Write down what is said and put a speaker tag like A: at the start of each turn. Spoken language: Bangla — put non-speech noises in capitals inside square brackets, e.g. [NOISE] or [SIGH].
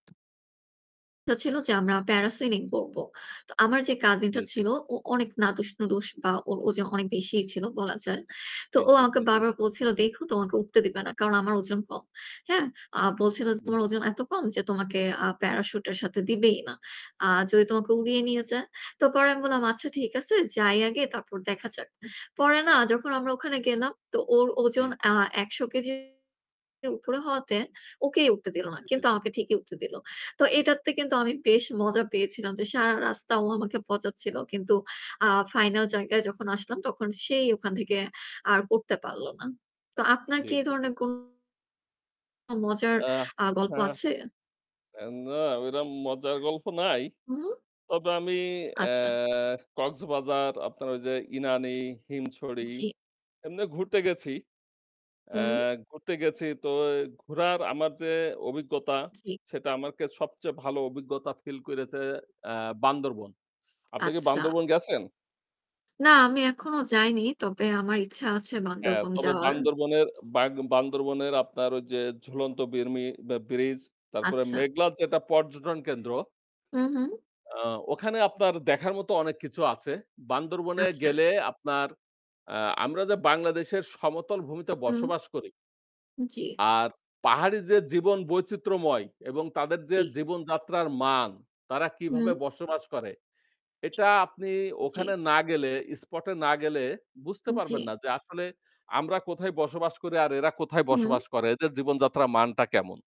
A: [UNINTELLIGIBLE] ছিল যে আমরা প্যারাসিলিং করব। তো আমার যে
B: জি,
A: কাজিনটা
B: জি।
A: ছিল ও অনেক নাদুস-নুদুস বা ওর ওজন অনেক বেশিই ছিল বলা যায়। তো
B: জি,
A: ও
B: জি,
A: আমাকে
B: জি, জি।
A: বারবার বলছিল, "দেইখো তোমাকে উঠতে দিবে না।" কারণ আমার ওজন কম। হ্যাঁ? আ বলছিল,
B: জি,
A: "তোমার
B: জি।
A: ওজন এত কম যে তোমাকে আ প্যারাসুটের সাথে দিবেই না। আ যদি তোমাকে
B: [UNINTELLIGIBLE]
A: উড়িয়ে নিয়ে যায়।" তো পরে আমি বললাম, "আচ্ছা ঠিক আছে যাই আগে তারপর দেখা যাক।" পরে না যখন আমরা ওখানে গেলাম তো ওর
B: জি।
A: ওজন আ ১০০ কেজির উপরে হওয়াতে ওকেই উঠতে দিল না।
B: জি, জি,
A: কিন্তু
B: জি।
A: আমাকে ঠিকই উঠতে দিল। তো এটাতে কিন্তু আমি বেশ মজা পেয়েছিলাম যে, সারা রাস্তা ও আমাকে পচাচ্ছিল কিন্তু আ ফাইনাল জায়গায় যখন আসলাম তখন সেই ওখান থেকে আর করতে পারল না। তো আপনার
B: জি,
A: কি এই
B: জি, জি।
A: ধরনের কোন মজার
B: আহ!
A: আ গল্প
B: হ্যাঁ,
A: আছে?
B: এ্যা না, ওইরকম মজার গল্প নাই।
A: উহু।
B: তবে আমি
A: আচ্ছা।
B: অ্যাঁ কক্সবাজার আপনার ওই যে ইনানি, হিমছড়ি
A: জি।
B: এমনে ঘুরতে গেছি। অ্যা
A: হুম।
B: ঘুরতে গেছি তো ঘুরার আমার যে অভিজ্ঞতা
A: জি।
B: সেটা আমাকে সবচেয়ে ভালো অভিজ্ঞতা feel করেছে অ্যা বান্দরবান। আপনি কি
A: আচ্ছা।
B: বান্দরবান গেছেন?
A: না আমি এখনও যাইনি। তবে আমার ইচ্ছা আছে
B: হ্যাঁ,
A: বান্দরবান
B: তবে
A: যাওয়ার।
B: বান্দরবানের বাঘ বান্দরবানের আপনার ওই যে ঝুলন্ত বির্মি বা Bridge তারপরে
A: আচ্ছা।
B: মেঘলার যেটা পর্যটন কেন্দ্র
A: উহু।
B: আ ওখানে আপনার দেখার মতো অনেক কিছু আছে। বান্দরবানে
A: আচ্ছা।
B: গেলে আপনার আ আমরা যে বাংলাদেশের সমতল ভূমিতে
A: হু।
B: বসবাস করি
A: জি।
B: আর পাহাড়ি যে জীবন বৈচিত্র্যময় এবং তাদের যে
A: জি।
B: জীবনযাত্রার মান, তারা কিভাবে
A: হু।
B: বসবাস করে এটা আপনি
A: জি।
B: ওখানে না গেলে, spot এ না গেলে বুঝতে
A: উ
B: পারবেন না।
A: জি।
B: যে আসলে আমরা কোথায় বসবাস করি আর এরা কোথায়
A: হুম।
B: বসবাস করে, এদের জীবনযাত্রার মানটা কেমন।